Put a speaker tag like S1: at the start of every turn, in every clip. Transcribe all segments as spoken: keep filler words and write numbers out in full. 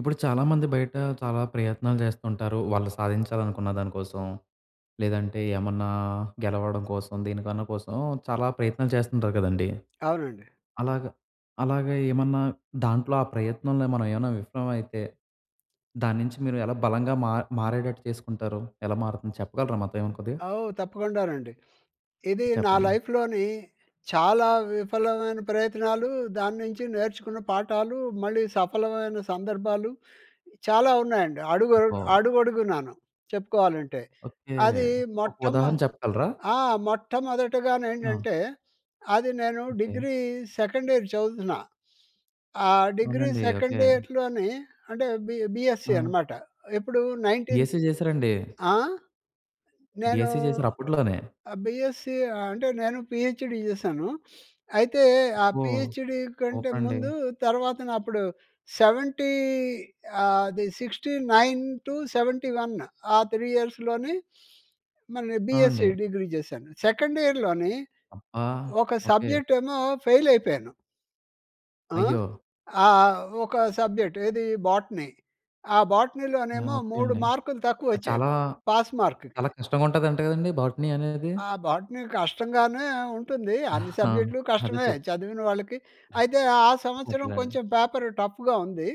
S1: ఇప్పుడు చాలామంది బయట, చాలా ప్రయత్నాలు జేస్తుంటారు. వాళ్ళు సాధించాలనుకున్న దాని కోసం. లేదంటే ఏమన్నా గెలవడం కోసం, దీనికన్నా కోసం చాలా ప్రయత్నాలు చేస్తుంటారు కదండీ!
S2: అవునండి.
S1: అలాగ, అలాగ ఏమన్నా దాంట్లో ఆ ప్రయత్నంలో మనం ఏవైనా విఫలం ఐతే, దాని నుంచి మీరు ఎలా బలంగా మార్ మారేటట్టు చేసుకుంటారు? ఎలా మారుతుందో చెప్పగలరా మాతో ఏవేనా కొద్దిగా?
S2: ఆ! ఓహ్! తప్పకుండానండి. ఇది నా
S1: చెప్పండి.
S2: లైఫ్‍లోని చాలా విఫలమైన ప్రయత్నాలూ, దాని నించి నేర్చుకున్న పాఠాలూ, మళ్ళీ సఫలమైన సందర్భాలు చాలా ఉన్నాయండి. అడుగ
S1: ఓహ్!
S2: అడుగడుగునాను, చెప్పుకోవాలంటే.
S1: ఓకె.
S2: అది
S1: ఒక
S2: మొట్టమొ
S1: ఉదాహరణ చెప్పగలరా?
S2: ఆ!
S1: అవును.
S2: మొట్టమొదటగానేంటంటే, అది నేను
S1: ఓకె.
S2: డిగ్రీ సెకండ్ ఇయర్ చదువుతున్నా. ఆహ్, డిగ్రీ
S1: అవునండి. ఓకె.
S2: సెకండ్ ఇయర్‍లోని అంటే బి బిఎస్‌సి
S1: ఆ!
S2: అనమాట. ఎప్పుడు నైన్టీన్స్
S1: పిహెచ్‌డి చేసారాండి?
S2: ఆ! నేను
S1: బిఎస్‌సి చేసారా? అప్పుట్లోనే!
S2: ఆహ్, బీఎస్‌సి అంటే నేను పిహెచ్‌డి చేశాను. అయితే ఆ
S1: ఓహ్!
S2: పిహెచ్‌డి కంటే
S1: ఓకె అండి.
S2: ముందు తర్వాతన అప్పుడు సెవెంటీ ఆది sixty nine two seventy one ఆ త్రీ ఇయర్స్‌లోనే మరి
S1: ఆ!
S2: బిఎస్‌సి
S1: అండి.
S2: డిగ్రీ జేశాను. సెకండ్ ఇయర్‍లోని
S1: అబ్బా!
S2: ఒక
S1: ఓకె.
S2: సబ్జెక్ట్ ఏమో ఫెయిల్ అయిపోయేను. ఆ?
S1: అయ్యో!
S2: ఆ! ఒక సబ్జెక్ట్ ఏదీ, బోటనీ. ఆ
S1: ఆ!
S2: బోటనీలోనేమో
S1: ఓకె
S2: మూడు
S1: అండి.
S2: మార్కులు
S1: అది
S2: తక్కువొచ్చాయి,
S1: చాలా,
S2: పాస్‌మార్క్‌కి.
S1: చాలా కష్టంగుంటందంట కదండీ! బాటనీ అనేది.
S2: ఆ బాటని కష్టంగానే ఉంటుంది. అన్ని
S1: ఆ!
S2: సబ్జెక్ట్‌లు
S1: అదే
S2: కష్టమే
S1: చెప్
S2: చదివిన వాళ్ళకి. అయితే ఆ
S1: ఓకె
S2: సంవత్సరం
S1: అండి.
S2: కొంచెం పేపర్ టఫ్‌గా ఉంది.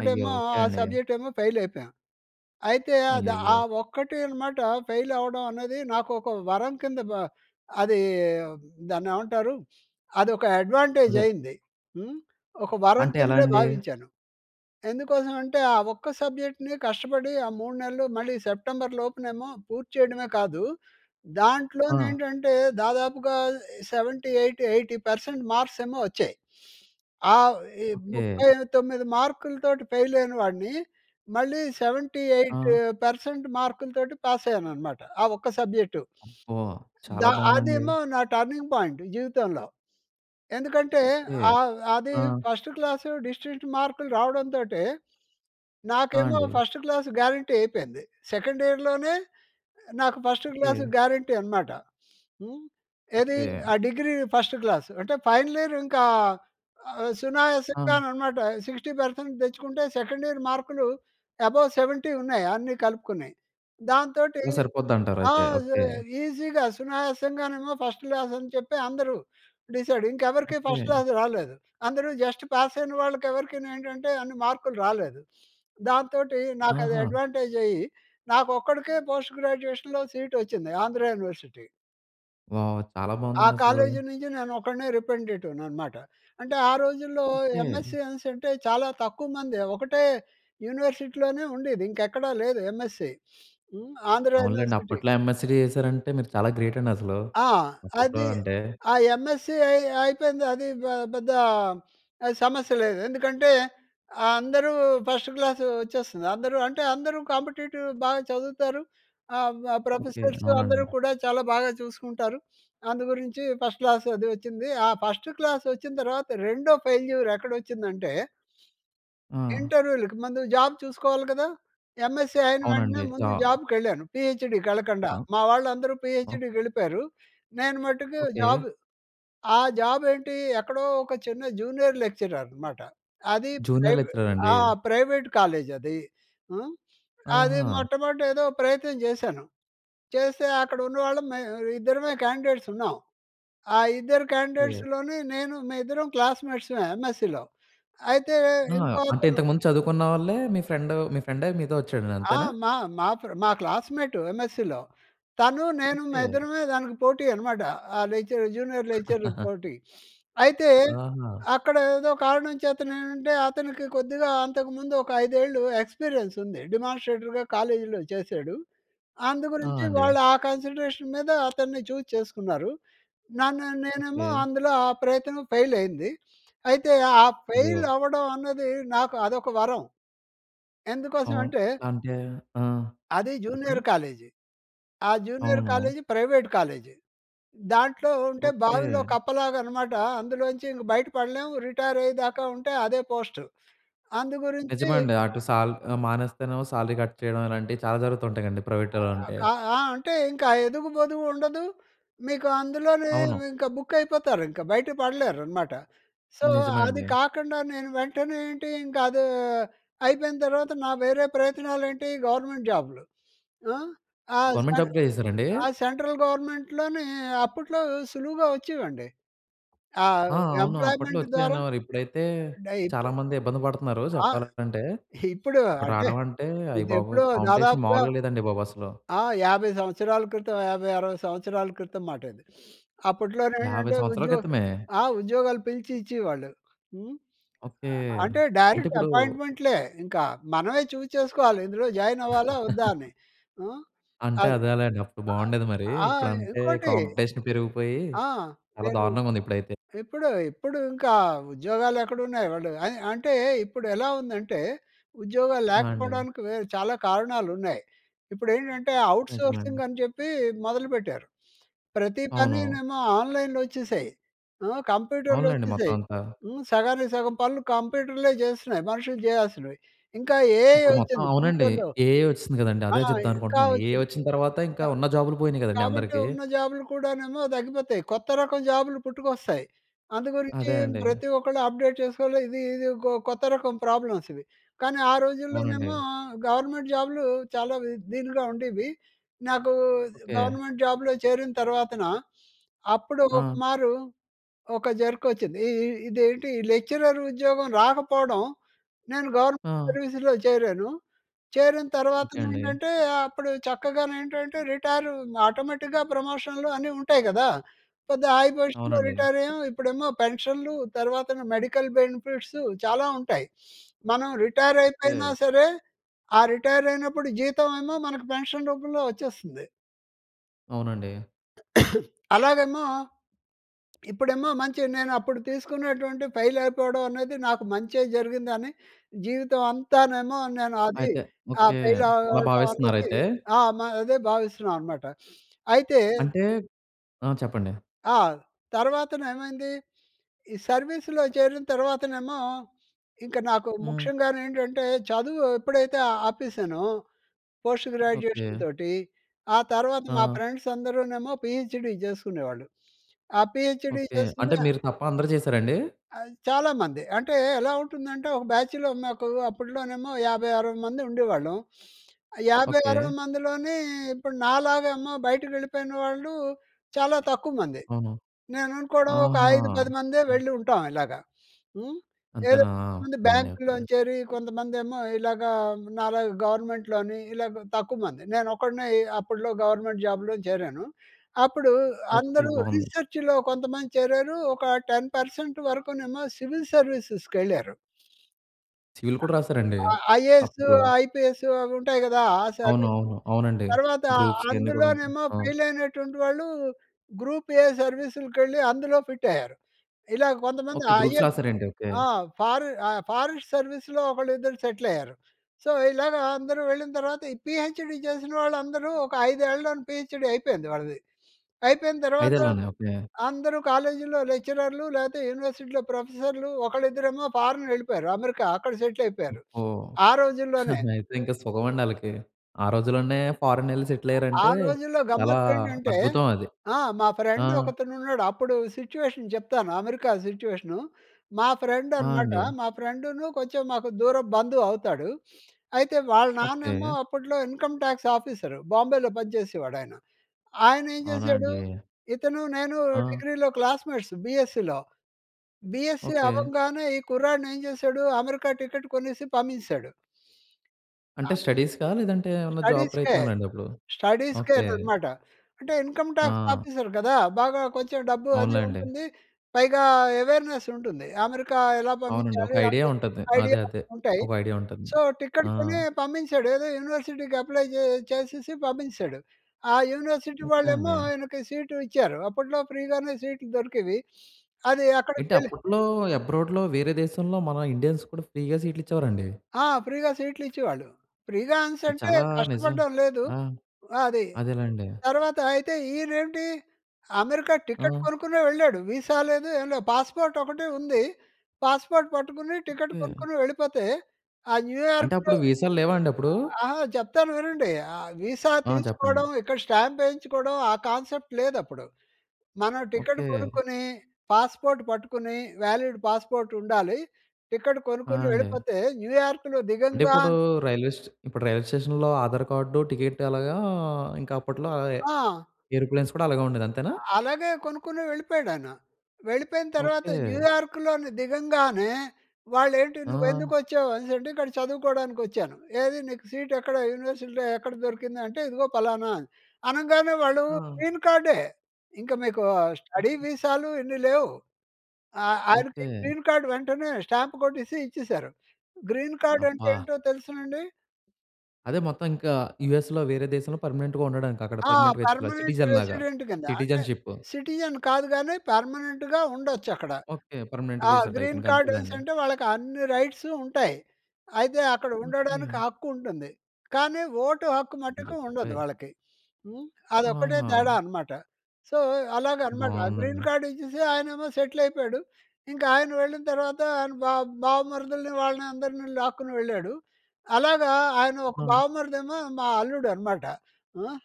S1: అయ్యో! ఓకె
S2: ఆ
S1: అండి.
S2: సబ్జెక్ట్ ఏమో ఫెయిల్ అయిపోయా. అయితే అది ఆ
S1: అయ్యయ్యో!
S2: ఒక్కటే అనమాట ఫెయిల్ అవ్వడం అనేది నాకు ఒక వరం కింద బ అది దాన్ని ఏమంటారు? అది ఒక అడ్వాంటేజ్
S1: అదే.
S2: అయింది. హ్మ్, ఒక వరం
S1: అంటే ఎలా
S2: కిందే
S1: అండి?
S2: భావించాను. ఎందుకోసం అంటే ఆ ఒక్క సబ్జెక్ట్‌ని కష్టపడి ఆ మూడు నెలలు మళ్ళీ సెప్టెంబర్‌లోపునేమో పూర్తి చేయడమే కాదు.
S1: ఆ!
S2: దాంట్లోనేంటంటే, దాదాపుగా seventy eight eighty percent marks ఏమో వచ్చాయి. ఆహ్, ఈ
S1: ఓకె.
S2: ముప్పై తొమ్మిది మార్కులతోటి ఫెయిల్ అయిన వాడిని, మళ్ళీ సెవెంటీ ఎయిట్
S1: ఆ!
S2: పర్సెంట్ మార్కులతోటి పాస్ అయ్యాననమాట. ఆ ఒక్క సబ్జెక్టు.
S1: అబ్బా!
S2: ద
S1: చాలా బావుందండి.
S2: అదేమో నా టర్నింగ్ పాయింట్ జీవితంలో. ఎందుకంటే
S1: ఓకె,
S2: ఆహ్, అది
S1: ఆ!
S2: ఫస్ట్ క్లాస్ డిస్టింక్ట్ మార్కులు రావడంతోటే,
S1: ఆ!
S2: నాకేమో
S1: అండి.
S2: ఫస్ట్ క్లాస్ గ్యారంటీ అయిపోయింది. సెకండ్ ఇయర్‍లోనే నాకు ఫస్ట్ క్లాస్
S1: ఓకె.
S2: గ్యారంటీ అనమాట. హ్మ్. ఏది?
S1: ఓకె.
S2: ఆ డిగ్రీ ఫస్ట్ క్లాస్. అంటే, ఫైనల్ ఇయర్ ఇంకా ఆహ్,
S1: ఆ!
S2: సునాయాసంగా అన్నమాట. సిక్స్టీ పర్సెంట్ తెచ్చుకుంటే, సెకండ్ ఇయర్ మార్కులు అబోవ్ సెవెంటీ ఉన్నాయి అన్ని కలుపుకుని. దాంతోటి
S1: అలా
S2: ఆ!
S1: సరిపోద్దంటారయితే, ఓకె.
S2: ఈసీగా సునాయాసంగానేమో ఫస్ట్ క్లాస్ అని చెప్పి అందరూ డిసైడ్. ఇంకెవరికీ ఫస్ట్
S1: ఓకె.
S2: క్లాస్ రాలేదు. అందరూ జస్ట్ పాస్ అయిన వాళ్ళకెవరికీ ఏంటంటే అన్ని మార్కులు రాలేదు. దాంతోటి నాకు అది
S1: ఆహా!
S2: అడ్వాంటేజ్ అయ్యి, నాకు ఒక్కడికే పోస్ట్ గ్రాడ్యుయేషన్‌లో సీట్ ఒచ్చింది ఆంధ్ర యూనివర్సిటీ.
S1: వావ్! చాలా
S2: ఆ
S1: బాగుందండసలు.
S2: కాలేజీ నుంచి నేనొకడినే రిపెంటిటివ్‌ననమాట. అంటే ఆ రోజుల్లో
S1: ఓకే.
S2: ఎంఎస్‌సీ అనిసంటే, చాలా తక్కువ మందే, ఒకటే యూనివర్సిటీలోనే ఉండీది. ఇంకెక్కడా లేదు ఎంఎస్‌సీ. హ్మ్, ఆంధ్ర
S1: అవునులెండి.
S2: యూనివర్సిటీ.
S1: అప్పట్లో ఎంఎస్‌సీ చేశారంటే, మీరు చాలా గ్రేటండి అసలు.
S2: ఆ!
S1: అప్పట్లో
S2: అది
S1: అంటే.
S2: ఆ ఎంఎస్‌సీ అయ్ అయిపోయింది. అది ఆహ్, పెద్దా ఆహ్, సమస్య లేదు. ఎందుకంటే, అందరూ ఫస్ట్ క్లాసు వచ్చేస్తుంది. అందరూ అంటే, అందరూ కాంపిటీటివ్ బాగ చదువుతారు. ఆహ్, వ
S1: ఓకే,
S2: ప్రొఫెసర్సు,
S1: అవునండీ.
S2: అందరూ కూడా చాలా బాగా చూసుకుంటారు. అందు గురించి ఫస్ట్ క్లాసు అదీ వచ్చింది. ఆ ఫస్టు క్లాసొచ్చిన తర్వాత, రెండో ఫెయిల్యూర్ ఎక్కడొచ్చిందంటే...
S1: ఆ!
S2: ఇంటర్వ్యూలకి. ముందు జాబ్ చూసుకోవాలి కదా! ఎంఎస్‌సీ అయిన వెంటనే,
S1: అవునండి.
S2: ముందు
S1: జా
S2: జాబ్‌కెళ్ళాను. పీహెచ్‍డీకెళ్ళకండా,
S1: ఆ!
S2: మా వాళ్ళందరూ
S1: ఆ!
S2: పీహెచ్‌డికెళ్ళిపోయరు. నేను మట్టుకు
S1: ఓకే.
S2: జాబ్ ఆ జాబేంటి? ఎక్కడో ఒక చిన్న జూనియర్ లెక్చరర్ అనమాట. అదీ
S1: జూనియర్
S2: ప్రెవే
S1: లెక్చరరండి?
S2: ఆ! ప్రైవేట్ కాలేజది. హ్మ్, అది
S1: ఆహా!
S2: మొట్టమొదట ఏదో ప్రయత్నం జేశాను. చేస్తే అక్కడున్నవాళ్ళం మేవిద్దరమే క్యాండిడేట్స్ ఉన్నాం. ఆ ఇద్దరు
S1: ఓకే.
S2: క్యాండిడేట్స్‌లోని నేను, మేయిద్దరం క్లాస్మేట్స్‌మే ఎమ్‌ఎస్‌సీలో. అయితే
S1: ఆ!
S2: ఇంకో
S1: అంటే
S2: అతను
S1: ఇంతకుముందు చదువుకున్న వాళ్ళే మీ ఫ్రెండు మీ ఫ్రెండే మీతో వచ్చాడండి
S2: ఆ!
S1: అంతేనా?
S2: మా మా ఫ్రె మా క్లాస్మేటు ఎంఎస్‌సీలో. తనూ, నేను
S1: ఓకే.
S2: మేయిద్దరమే దానికి పోటీ యనమాట. ఆ లెక్చరర్ జూనియర్ లెక్చరర్ పోటీ. అయితే
S1: ఆహా!
S2: అక్కడేదో కారణం చేతనేంటంటే, అతనికి కొద్దిగా అంతకుముందు ఒక ఐదేళ్ళు ఎక్స్పీరియన్సుంది. డెమాన్‌స్ట్రేటర్‍గా కాలేజీలో చేశాడు. అందుగురించి
S1: అవునండి.
S2: వాళ్ళు ఆ కన్సిడరేషన్ మీద అతన్ని చూజ్ చేసుకున్నారు. నన్ను నేనేమో
S1: ఓకే.
S2: అందులో, ఆ ప్రయత్నం ఫెయిలయింది. అయితే ఆ
S1: అయ్యో!
S2: ఫెయిలవ్వడం అన్నది, నాకు అదొక వరం. ఎందుకోసం
S1: అవును
S2: అంటే...
S1: అంటే ఆ!
S2: అది జూనియర్
S1: చెప్పండి.
S2: కాలేజీ. ఆ జూనియర్
S1: అవును.
S2: College private college. దాంట్లో ఉంటే
S1: ఓకే.
S2: బావిలో కప్పలాగనమాట. అందులో నుంచి ఇంక బయట పడలేము. రిటైరయ్యేదాకా ఉంటే అదే పోస్టు. అందు గురించి
S1: నిజమే అండి. అటు సాల్ మానేస్తేనేమో సాలరీ కట్ చేయడం ఇలాంటివి చాలా జరుగుతూ ఉంటాయండి, ప్రైవేట్టోలంటే.
S2: క ఆ! అంటే ఇంకా ఎదుగు పొదుగు ఉండదు. మీకు అందులోనే
S1: అవును.
S2: ఇంకా బుక్కయిపోతారు ఇంక, బయట పడలేరనమాట. సో,
S1: నిజమే
S2: అది
S1: అండి.
S2: కాకండా నేను వెంటనే ఏంటి, ఇంకా అదూ అయిపోయిన తర్వాత, నా వేరే ప్రయత్నాలేంటి, గవర్నమెంట్ జాబ్‌లు. ఆ! ఆ
S1: గవర్నమెంట్
S2: సెంట్
S1: జాబ్ చేసారా అండి?
S2: ఆ సెంట్రల్ గవర్నమెంట్‍లోనే అప్పట్లో సులువుగా వచ్చేవండి. ఆహ్,
S1: ఆ! అవును అప్పట్లో
S2: ఎంప్లాయ్‌మెంట్ ద్వారా
S1: వచ్చేయనేవారు, ఇప్పుడైతే
S2: అంటే ఇప్పు
S1: చాలా మంది ఇబ్బంది పడుతున్నారు
S2: ఆ!
S1: చెప్పాలంటే.
S2: ఇప్పుడు
S1: ఇప్పుడు
S2: అంటే,
S1: రాడవంటే అయ్య బాబోయ్!
S2: ఇదెప్పుడో
S1: కాంపిటీషన్
S2: దాదాపుగా
S1: మావూలుగా లేదండి బాబు అసలు.
S2: ఆ! యాభై సంవత్సరాల క్రితం, యాభై అరవై సంవత్సరాల క్రితం మాటది.
S1: యాభై
S2: అప్పట్లోనేంటంటే,
S1: సంవత్సరాల
S2: ఉద్యో
S1: క్రితమే!
S2: ఆహ్, ఉద్యోగాలు పిలిచి ఇచ్చేవాళ్ళు. హ్మ్,
S1: ఓకే,
S2: ఆహ్, అంటే
S1: అంటే
S2: డైరెక్ట్
S1: ఇప్పుడు
S2: అపాయింట్మెంట్‌లే ఇంక. మనమే చూజ్ చేసుకోవాలి. ఇందులో జాయినవ్వాలా? వద్దా? అని. హ్మ్,
S1: అంతే
S2: అది.
S1: అదేలెండి. అప్పుడు బావుండేది మరి.
S2: ఆ!
S1: ఇప్పుడంటే
S2: ఇంకోటి
S1: కాంపిటీషన్ పెరిగిపోయి
S2: ఆ!
S1: చాలా
S2: నేను
S1: దారుణంగుంది ఇప్పుడైతే.
S2: ఇప్పుడు, ఇప్పుడు ఇంకా ఉద్యోగాలు ఎక్కడున్నాయి. వాళ్ళు ఆహ్, అంటే ఇప్పుడు ఎలా ఉందంటే ఉద్యోగాలు
S1: ఆ! అండి.
S2: లేకపోడానికి వే చాలా కారణాలున్నాయి. ఇప్పుడేంటంటే ఔట్‌సోర్సింగ్
S1: నిజమండి.
S2: అని చెప్పి మొదలుపెట్టారు. ప్రతీ
S1: అవును.
S2: పనీనేమో ఆన్‍లైన్‍లో వచ్చేసాయి. అహ్,
S1: అవునులెండి,
S2: కంప్యూటర్లొచ్చేశాయి.
S1: మొత్తవంతా.
S2: హ్మ్, సగానికి సగం పనులు కంప్యూటర్లే జేస్తున్నాయి, మనుషులు జేయాల్సినవి. ఇంకా ఏఐ
S1: ఇప్పుడు మొత్తం
S2: వచ్చింది
S1: అవునండి.
S2: ఫ్యూచర్‌లో.
S1: ఏఐ వచ్చిసింది కదండీ! అదే
S2: ఆహ్, ఇంకా
S1: జెప్దామనుకుంటున్నాను. ఏఐ
S2: వచ్చింది.
S1: వచ్చిన తర్వాత ఇంకా
S2: అహ్,
S1: ఉన్న జాబులు పోయినయి కదండీ
S2: కాబట్టి
S1: అందరికి.
S2: ఉన్న జాబులు కూడానేమో తగ్గిపోతాయి. కొత్త రకం జాబులు పుట్టుకొస్తాయి. అందు గురించి
S1: అదే అండి.
S2: ప్రతి ఒక్కళ్ళు అప్డేట్ చేసుకోవాలి. ఇది ఇది ఇకో కొత్త రకం ప్రాబ్లమ్స్ ఇవి. కానీ, ఆ
S1: అవునండి.
S2: రోజుల్లోనేమో గవర్నమెంట్ జాబులు చాలా వి దీనిగా ఉండేవి. నాకు
S1: ఓకే.
S2: గవర్నమెంట్ జాబ్‌లో చేరిన తర్వాతన, అప్పుడు ఒక
S1: ఆ!
S2: మారు ఒక జరకొచ్చింది. ఇ ఇ ఇదేంటి లెక్చరర్ ఉద్యోగం రాకపోడం, నేను గవర్నమెంట్
S1: ఆ!
S2: సర్వీస్‌లో చేరాను. చేరిన
S1: ఓకే అండి.
S2: తర్వాతనేంటంటే, అప్పుడు చక్కగానేంటంటే రిటైరు ఇంక ఆటోమేటిక్‌గా ప్రమోషన్‌లు అన్నీ ఉంటాయి గదా! పెద్ద హై పొజిషన్‌లో
S1: అవునండి.
S2: రిటైరయ్యాము. ఇప్పుడేమో పెన్షన్లు తర్వాతన మెడికల్ బెనిఫిట్సు చాలా ఉంటాయి. మనం రిటైరయిపోయినా
S1: ఓకే.
S2: సరే, ఆ రిటైరయినప్పుడు జీతం ఏమో మనకు పెన్షన్ రూపంలో వచ్చేస్తుంది.
S1: అవునండి.
S2: అలాగేమో, ఇప్పుడేమో మంచి నేను అప్పుడు తీసుకున్నటువంటి ఫెయిల్ అయిపోవడం అనేది, నాకు మంచే జరిగింది అని జీవితం అంతానేమో నేను అది
S1: అయితే
S2: ఆహ్,
S1: ఓకే!
S2: ఫెయిల్
S1: అలా
S2: అవ్వడం అనేది,
S1: భావిస్తున్నారైతే.
S2: ఆ! మ అదే భావిస్తున్నాను అన్నమాట. అయితే
S1: అంటే ఆ! చెప్పండి.
S2: ఆ! తర్వాతను ఏమైంది, ఈ సర్వీసులో చేరిన తర్వాతనేమో ఇంక నాకు
S1: హ్మ్.
S2: ముఖ్యంగాను ఏంటంటే, చదువు ఎప్పుడైతే ఆపేసానో పోస్ట్
S1: ఓకె.
S2: గ్రాడ్యుయేషన్‌తోటి, ఆ తర్వాత మా
S1: ఆ!
S2: ఫ్రెండ్స్ అందరూనేమో పీహెచ్‍డీ చేస్తునేవాళ్ళు. ఆ పీహెచ్‍డీ
S1: ఓకె. అంటే
S2: చేస్తూనే
S1: మీరు తప్ప అందరూ చేశారండి?
S2: ఆహ్, చాలామంది. అంటే ఎలా ఉంటుందంటే ఒక బ్యాచ్‌లో మాకు అప్పట్లోనేమో యాభై అరవై మంది ఉండేవాళ్ళం. యాభై అరవై
S1: ఓకె.
S2: మందిలోనే ఇప్పుడు నాలాగా ఏమో బయటికి వెళ్ళిపోయిన వాళ్ళు చాలా తక్కువ మంది.
S1: అవును.
S2: నేను అనుకోవడం ఒక
S1: ఆహా!
S2: ఐదు పదిమందే
S1: హ్మ్.
S2: వెళ్ళి ఉంటాం ఇలాగ. హ్మ్, ఏదో
S1: అంతేనా! ఉంది
S2: బ్యాంకులో
S1: ఓకె.
S2: చేరి కొంతమందేమో ఇలాగా నాలాగా గవర్నమెంట్‍లోని ఇలాగ తక్కువమంది. నేను ఒక్కడినే అప్పట్లో గవర్నమెంట్ జాబ్‌లో చేరాను. అప్పుడు
S1: ఓకె,
S2: అందరూ
S1: బాగుంది.
S2: రిసర్చ్‌లో కొంతమంది చేరారు. ఒక టెన్ పర్సెంట్ వరకునేమో సివిల్ సర్వీసెస్‌కి వెళ్లారు.
S1: సివిల్
S2: అ!
S1: కూడా రాసారండి
S2: ఆ! ఐఏఎస్,
S1: అప్పట్లో?
S2: ఐపీఎస్ అవి ఉంటాయి కదా! ఆ
S1: అవును,
S2: సర్వీస్.
S1: అవును. అవునండి.
S2: తర్వాత
S1: గ్రూప్స్ ఇవన్నీ కూడా ఉంటాయి.
S2: అందులోనేమో
S1: అవును.
S2: ఫెయిల్ అయినటువంటి వాళ్ళు గ్రూప్ ఏ సర్వీసులకెళ్ళి, అందులో ఫిట్ అయ్యారు. ఇలా కొంతమంది
S1: ఓకే గ్రూప్స్
S2: ఐఏఎస్
S1: రాసారండి? ఓకె.
S2: ఆ! ఫారె అ ఫారెస్ట్ సర్వీస్‌లో ఒకళ్ళు ఇద్దరు సెటిల్ అయ్యారు. సో, ఇలాగా అందరూ వెళ్ళిన తర్వాత ఈ పీహెచ్‌డి చేసిన వాళ్ళందరూ ఒక ఐదేళ్లలో పీహెచ్‌డి అయిపోయింది వాళ్ళది. అయిపోయిన తర్వాత
S1: ఐదేళ్ళలోనే ఓకె.
S2: అందరూ కాలేజ్‌లో లెక్చరర్లు లేకపోతే యూనివర్సిటీలో ప్రొఫెసర్‌లు ఒకరు ఇద్దరేమో ఫారిన్ వెళ్ళిపోయారు అమెరికా అక్కడ సెటిల్ అయిపోయారు
S1: ఓహ్!
S2: ఆ రోజుల్లోనే.
S1: అయితే ఇంక సుఖమండి అళ్ళకి. ఆ రోజుల్లోనే ఫారిన్ వెళ్లి సెటిల్
S2: ఆ
S1: అయ్యారంటే
S2: రోజుల్లో
S1: చాలా
S2: గమ్మత్తు ఏంటంటే,
S1: అద్భుతం అది.
S2: ఆ! మా
S1: ఆ!
S2: ఫ్రెండ్ ఒకతను ఉన్నాడు అప్పుడు సిట్యుయేషన్ చెప్తాను, అమెరికా సిట్యుయేషన్. మా ఫ్రెండ్
S1: ఆ!
S2: అనమాట
S1: అండి.
S2: మా ఫ్రెండ్‌ను కొంచెం మాకు దూరపు బంధువు అవుతాడు. అయితే వాళ్ళ నాన్నేమో
S1: ఓకే.
S2: అప్పట్లో ఇన్కమ్ టాక్స్ ఆఫీసర్, బాంబేలో పని చేసేవాడు ఆయన. ఆయన ఏం
S1: అవునా
S2: చేసాడు
S1: అండీ.
S2: ఇతను, నేను
S1: ఆ!
S2: డిగ్రీలో క్లాస్మేట్స్ బీఎస్సీలో. BSc
S1: okay.
S2: అవ్వంగానే ఈ కుర్రాడిని ఏం చేశాడు అమెరికా టికెట్ కొనేసి పంపించేశాడు. అ
S1: అంటే స్టడీస్‌కా లేదంటే ఏమన్నా జాబ్
S2: స్టడీస్‌కే,
S1: ప్రయత్నాల అండి అప్పుడు?
S2: స్టడీస్‌కే
S1: ఓకే.
S2: అనమాట. అంటే ఇన్కమ్ టాక్స్
S1: ఆ!
S2: ఆఫీసర్ కదా బాగా కొంచెం డబ్బు అది
S1: అవునులెండి.
S2: ఉంటుంది, పైగా అవేర్‌నెస్ ఉంటుంది. అమెరికా ఎలా
S1: అవునండి ఒక
S2: పంపించాలి
S1: ఐడియా
S2: అనే
S1: ఉంటంది. అదే.
S2: ఐడియాలు
S1: అదే.
S2: ఉంటాయి.
S1: ఒక ఐడియా ఉంటంది.
S2: సో, టికెట్
S1: ఆ!
S2: కొని పంపించాడు. ఏదో యూనివర్సిటీకి అప్లై చేసేసి పంపించేసాడు. ఆ యూనివర్సిటీ
S1: ఓకె
S2: వాళ్ళేమో
S1: అండి.
S2: ఆయనకి సీట్ ఇచ్చారు. అప్పట్లో ఫ్రీగానే సీట్లు దొరికేవి. అదె
S1: ఏంటి?
S2: అక్కడకివెళ్ళి
S1: అప్పట్లో అబ్రాడ్‌లో వేరే దేశంలో మన ఇండియన్స్ కూడా ఫ్రీగా సీట్లిచ్చేవారండి?
S2: ఆ! ఫ్రీగా సీట్లు ఇచ్చేవాళ్ళు. ఫ్రీగా
S1: ఇది
S2: అనేసంటే
S1: చాలా నిజం.
S2: కష్టపడడం లేదు.
S1: ఆ!
S2: అది.
S1: అదేలెండి.
S2: తర్వాత అయితే ఈయన ఏంటి అమెరికా టికెట్
S1: ఆ!
S2: కొనుక్కునే వెళ్ళాడు. విసా లేదు, ఏం లేదు, పాస్‌పోర్ట్ ఒకటే ఉంది. పాస్‌పోర్ట్ పట్టుకుని టికెట్
S1: ఓకె.
S2: కొనుక్కొని వెళ్ళిపోతే, ఆ
S1: అంటే
S2: న్యూయార్క్‌లో
S1: అప్పుడు వీసాలు లేవా అండి అప్పుడు?
S2: అహా! చెప్తాను వినండి. విసా
S1: ఆ! చెప్పండి.
S2: తీసుకోవడం, ఇక్కడ స్టాంప్ వేయించుకోవడం, ఆ కాన్సెప్ట్ లేదప్పుడు. మనం టికెట్
S1: ఓకే.
S2: కొనుక్కొని పాస్‌పోర్ట్ పట్టుకొని వాలిడ్ పాస్ పోర్ట్ ఉండాలి. టికెట్
S1: ఆ!
S2: కొనుక్కొని
S1: అండి.
S2: వెళ్ళిపోతే న్యూయార్క్‌లో
S1: అంటే ఇప్పుడు
S2: దిగంగానే
S1: రైల్వే స్టే ఇప్పుడు రైల్వే స్టేషన్‌లో ఆధార్ కార్డు, టికెట్ అలాగా ఇంకా అప్పట్లో
S2: ఆ!
S1: ఏరోప్లేన్స్ కూడా అలాగే ఉండేది. అంతేనా?
S2: అలాగే కొనుక్కుని వెళ్ళిపోయాడు ఆయన. వెళ్ళిపోయిన తర్వాత
S1: ఓకే.
S2: న్యూయార్క్‌లోని దిగంగానే, వాళ్ళు ఏంటి? "నువ్వు ఎందుకు
S1: ఆ!
S2: వచ్చావు" అనేసి అంటే, "ఇక్కడ చదువుకోవడానికి వచ్చాను". "ఏది నీకు సీట్ ఎక్కడ? యూనివర్సిటీలో ఎక్కడ దొరికింది?" అంటే, "ఇదిగో పలానా" అని అనగానే, వాళ్ళు
S1: ఆ!
S2: గ్రీన్ కార్డే. ఇంకా మీకు స్టడీ
S1: ఓకే.
S2: వీసాలు ఇన్ని లేవు. ఆహ్, ఆయనకి
S1: ఓకే.
S2: గ్రీన్ కార్డ్ వెంటనే స్టాంప్ కొట్టేసి ఇచ్చేసారు. గ్రీన్ కార్డ్ అంటే
S1: అబ్బా!
S2: ఏంటో తెలుసా అండీ?
S1: అదే మొత్తం ఇంక యూఎస్‌లో వేరే దేశంలో పర్మనెంట్‌గా ఉండడానికక్కడ,
S2: ఆ!
S1: పర్మనెంట్ వ్యక్తిలా,
S2: పర్మనెంట్
S1: సిటిజన్‌లాగా
S2: రెసిడెంట్ కింద. అంటే,
S1: సిటి‌జెన్‌షిప్.
S2: సిటిజన్ కాదు గానీ, పర్మనెంట్‌గా ఉండొచ్చక్కడ.
S1: ఓకే. పర్మెనెంట్
S2: ఆ!
S1: వీసా టైప్
S2: గ్రీన్ కార్డనేసి
S1: ఇంకంతేలేండి.
S2: అంటే వాళ్ళకి అన్ని రైట్సూ ఉంటాయి. అయితే అక్కడ ఉండడానికి
S1: ఓకే.
S2: హక్కు ఉంటుంది. కానీ, ఓటు హక్కు మటుకు ఉండదు
S1: అయ్యబాబోయ్!
S2: వాళ్ళకి. హ్మ్, అదొక్కటే తేడా
S1: ఆహా!
S2: అనమాట. సో, అలాగనమాట. గ్రీన్
S1: బావుందండి.
S2: కార్డ్ ఇచ్చేసి, ఆయనేమో సెటిల్ అయిపోయాడు. ఇంకాయన వెళ్ళిన తర్వాత ఆయన బా బావమరుదులని వాళ్ళని అందరిని లాక్కుని వెళ్ళాడు. అలాగా ఆయన ఒక
S1: ఆ!
S2: బావమరిదేమో మా అల్లుడనమాట. హ్మ్,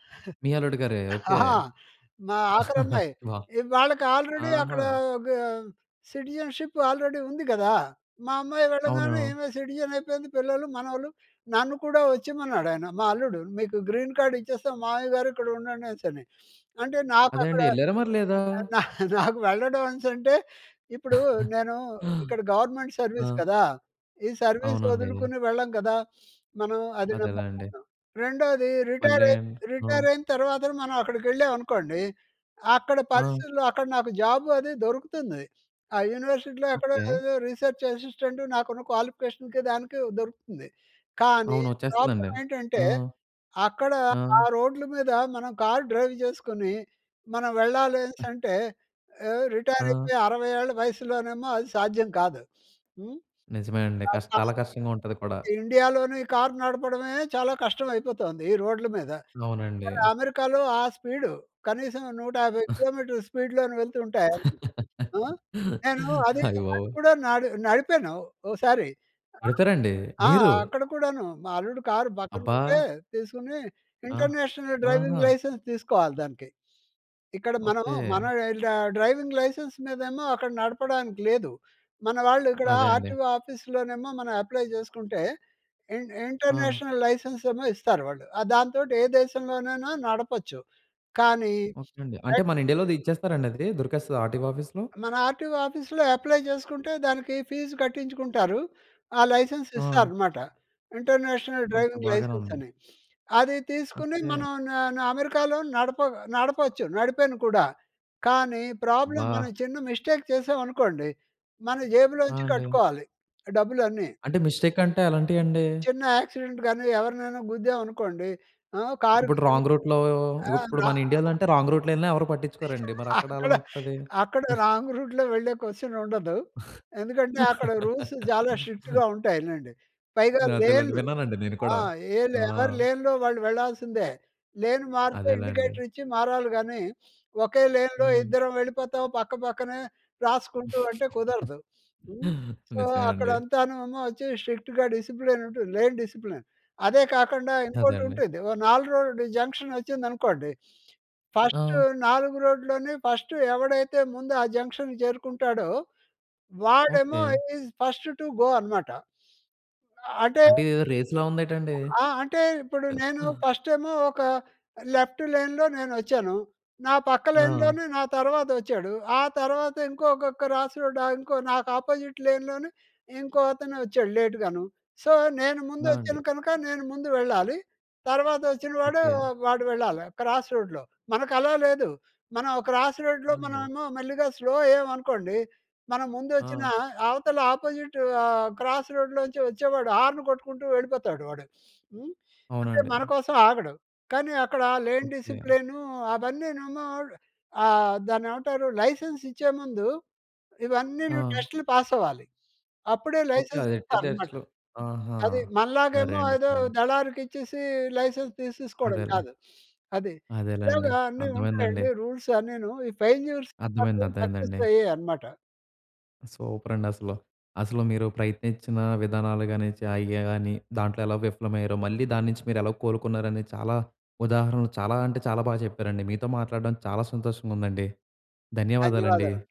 S1: మీ అల్లుడు గారే. ఓకే.
S2: ఆహా! మా ఆఖరమ్మాయి.
S1: వావ్!
S2: ఇ వాళ్ళకి ఆల్రెడీ అక్కడ
S1: ఆహా!
S2: ఆహ్, సిటిజన్షిప్ ఆల్రెడీ ఉంది కదా! మా అమ్మాయి వెళ్ళగానే
S1: అవునా!
S2: ఈమె సిటిజన్ అయిపోయింది. పిల్లలు మనవలు నన్ను కూడా వచ్చేయమన్నాడాయన, మా అల్లుడు. "మీకు గ్రీన్ కార్డ్ ఇచ్చేస్తాం మావయ్యగారు ఇక్కడ ఉండండి" అనేసని. అంటే
S1: అదే
S2: నాకక్కడ,
S1: అండి. ఎల్లేరా? మరి లేదా?
S2: నాకు వెళ్ళడం అనేసి అంటే, ఇప్పుడు నేను ఇక్కడ గవర్నమెంట్ సర్వీస్
S1: ఆ!
S2: కదా! ఈ సర్వీస్
S1: అవునండీ.
S2: వొదులుకుని వెళ్ళం కదా! మనం అది
S1: అదే లేండి.
S2: [unintelligible] రెండోది,
S1: మళ్ళీ
S2: రిటైరై,
S1: ఆండి ఆ!
S2: రిటైరైన తర్వాతన మనం అక్కడికెళ్ళాం అనుకోండి, అక్కడ
S1: ఆ!
S2: పరిస్థితులు అక్కడ నాకు జాబ్ అదీ దొరుకుతుంది. ఆ యూనివర్సిటీలో ఎక్కడో
S1: ఓకే.
S2: ఏదో రిసర్చ్ అసిస్టెంట్ నాకున్న క్వాలిఫికేషన్‌కి దానికి దొరుకుతుంది. కానీ,
S1: అవును. వచ్చేస్తదండి.
S2: ప్రాబ్లమ్ ఏంటంటే,
S1: ఆ!
S2: అక్కడ
S1: ఆ!
S2: ఆ రోడ్లు మీద మనం కార్ డ్రైవ్ చేసుకొని మనం వెళ్ళాలి అనేసంటే ఏహ్,
S1: ఆ!
S2: రిటైరైపోయి అరవై ఏళ్ళ వయసులోనేమో అది సాధ్యం కాదు. హ్మ్,
S1: నిజమే అండి. కాస్త
S2: అలా
S1: చాలా
S2: చేసి
S1: కష్టంగా ఉంటది కూడా.
S2: ఇండియాలోని కార్ నడపడమే చాలా కష్టవయిపోతోంది ఈ రోడ్ల మీద.
S1: అవునండి.
S2: మరి అమెరికాలో ఆ స్పీడు. కనీసం నూట యాభై కిలోమీటర్ల స్పీడ్‌లోను వెళ్తుంటే, ఆ! నేను అదీ
S1: అయ్య
S2: అది
S1: బాబోయ్!
S2: కూడా నడి నడిపాను ఓ సారి.
S1: నడిపారండి?
S2: ఆ!
S1: మీరు!
S2: అక్కడ కూడాను. మా అల్లుడు కారు,
S1: అబ్బా!
S2: పక్కనుంటే తీసుకుని.
S1: ఆ!
S2: ఇంటర్నేషనల్ డ్రైవింగ్
S1: ఆహా!
S2: లైసెన్స్ తీసుకోవాలి దానికి. ఇక్కడ మనం మన
S1: ఓకే.
S2: ఈళ్ళ డ డ్రైవింగ్ లైసెన్స్ మీదేమో అక్కడ నడపడానికి లేదు. మన వాళ్ళిక్కడా
S1: అదే అండి.
S2: ఆర్‌టిఒ ఆఫీస్‌లోనేమో మనం అప్లై చేసుకుంటే, ఇన్
S1: ఆ!
S2: ఇంటర్నేషనల్ లైసెన్సేమో ఇస్తారు వాళ్ళు. ఆహ్, దాంతోటి ఏ దేశంలోనైనా నడపొచ్చు. కానీ
S1: ఓకే అండి. అంటే,
S2: ఎట్
S1: మన ఇండియాలో అది ఇచ్చేస్తారండి అది? దొరికేస్తదా ఆర్‌టిఒ ఆఫీస్‌లో?
S2: మన ఆర్టిఓ ఆఫీస్‌లో అప్లై చేసుకుంటే, దానికి ఫీజు కట్టించుకుంటారు. ఆ లైసెన్స్
S1: ఆ!
S2: ఇస్తారనమాట. International
S1: okay.
S2: డ్రైవింగ్
S1: బాగానే
S2: లైసెన్స్
S1: ఉందండి.
S2: అని. అది తీసుకుని
S1: ఓకే.
S2: మనం న న అమెరికాలో నడప నడపొచ్చు, నడిపేను కూడా. కానీ, ప్రాబ్లమ్
S1: అబ్బా!
S2: మనం చిన్న మిస్టేక్ చేశాం అనుకోండి, మన
S1: ఆ!
S2: జేబులోంచి
S1: అండి.
S2: కట్టుకోవాలి డబ్బులన్నీ.
S1: అంటే మిస్టేక్ అంటే ఎలాంటియండి?
S2: చిన్న యాక్సిడెంట్ గాని, ఎవరినైనా గుద్దేం అనుకోండి, ఆ! కారుకి
S1: ఇప్పుడు
S2: చిన్న
S1: రాంగ్ రూట్‌లో
S2: యాక్సిడెంట్
S1: ఇప్పుడు
S2: అయినా
S1: మన ఇండియాలో
S2: [unintelligible]
S1: అంటే, రాంగ్ రూట్‌లో ఎళ్ళినా ఎవరూ పట్టిచ్చుకోరండి. మరక్కడెలా
S2: అక్కడ,
S1: ఉంటది?
S2: అక్కడ రాంగ్ రూట్‌లో వెళ్ళే కొశ్చన్ ఉండదు. ఎందుకంటే, అక్కడ రూల్స్ చాలా స్ట్రిక్ట్‌గా ఉంటాయి లెండి. పైగా
S1: అదేలెండి
S2: లేన్లు
S1: విన్నానండి నేను
S2: ఆ!
S1: కూడా.
S2: ఏలే
S1: ఆ!
S2: ఎవరి లేన్‌లో వాళ్ళు వెళ్లాల్సిందే. లేను మారితే
S1: అదేలేండి.
S2: ఇండికేటర్ ఇచ్చి మారాలి గానీ, వకే లేన్‌లో
S1: హ్మ్.
S2: ఇద్దరం వెళ్ళిపోతాం పక్క పక్కనే రాసుకుంటూ అంటే కుదరదు. హ్మ్, సో,
S1: నిజమే అండి.
S2: అక్కడంతాను ఏమో వచ్చి స్ట్రిక్ట్‌గా డిసిప్లిన్ ఉంటుంది, లేన్ డిసిప్లిన్. అదే కాకండా
S1: అదే అండి.
S2: ఇంకోటుంటుంది. ఓ నాలుగు రోడ్ జంక్షన్ వచ్చిందనుకోండి, ఫస్ట్
S1: ఆ!
S2: నాలుగు రోడ్‌లోనే ఫస్ట్ ఎవడైతే ముందు ఆ జంక్షన్‌కి చేరుకుంటాడో, వాడేమో
S1: okay.
S2: Is first to go అనమాట. అంటే
S1: అంటే ఇదేదో రేస్‌లా ఉందేటండి?
S2: ఆ! అంటే ఇప్పుడు నేను ఫస్టేమో ఒక లెఫ్టు లేన్‍లో నేనొచ్చాను. నా పక్క
S1: ఆ!
S2: లైన్‌లోనే నా తర్వాత వచ్చాడు. ఆ తర్వాత ఇంకొక్క క్రాస్ రోడా ఇంకో నాకాపోజిట్ లేన్‍లోనే ఇంకో అతనొచ్చాడు లేట్‌గాను. సో, నేను ముందు
S1: ఆ! అండి.
S2: వచ్చాను కనుక, నేను ముందు వెళ్ళాలి. తర్వాత వచ్చిన వాడు
S1: ఓకే.
S2: వాడు వెళ్ళాలా క్రాస్ రోడ్‍లో. మనకలా లేదు. మనం క్రాస్ రోడ్‌లో
S1: అవునండి.
S2: మనవేమో మెల్లిగా స్లో అయ్యాం అనుకోండి. మనం ముందొచ్చిన
S1: ఆ!
S2: అవతల అపోజిట్ ఆహ్, క్రాస్ రోడ్‌లోంచి వచ్చేవాడు హార్న్ కొట్టుకుంటూ వెళ్ళిపోతాడు వాడు. హ్మ్, అంటే
S1: అవునండి.
S2: మనకోసం ఆగడు. కానీ అక్కడ లేన్
S1: ఓకే.
S2: డిసిప్లిన్ అవన్నీనేమో ఆహ్, దాన్నేమంటారు, లైసెన్స్ ఇచ్చేముందు ఇవన్నీను
S1: ఆ!
S2: టెస్ట్‌లు పాస్ అవ్వాలి. అప్పుడే
S1: ఓకే.
S2: లైసెన్స్
S1: అదెట్టేదే
S2: ఇస్తారన్నమాట.
S1: అసలు ఆహా!
S2: అది. మనలాగేమో
S1: సరేండి.
S2: ఏదో
S1: సరేండి.
S2: దళారికిచ్చీసి లైసెన్స్ తీసేసుకోడం
S1: అదేలే.
S2: కాదు. అది. ఇలాగ
S1: అదేలేండి.
S2: అన్నీ
S1: అర్థమైందండి.
S2: ఉంటాయండి రూల్స్ అన్నీను. ఈ ఫెల్యూర్స్
S1: అర్థమైంది,
S2: నాకు సక్సెస్
S1: అర్థమైందండి.
S2: అయ్యాయన్నమాట.
S1: సూపర్ అండి అసలు. అసలు మీరు ప్రయత్నించిన విధానాలు గాని, చాయ్ గే గాని. దాంట్లో ఎలా విఫలమయ్యారో, మళ్ళీ దాన్నించి మీరు ఎలా కోలుకున్నారని చాలా ఉదాహరణలు చాలా అంటే చాలా బాగా చెప్పారండి. మీతో మాట్లాడడం చాలా సంతోషంగుందండి. ధన్యవాదాలండి.
S2: ధన్యవాదాలండి.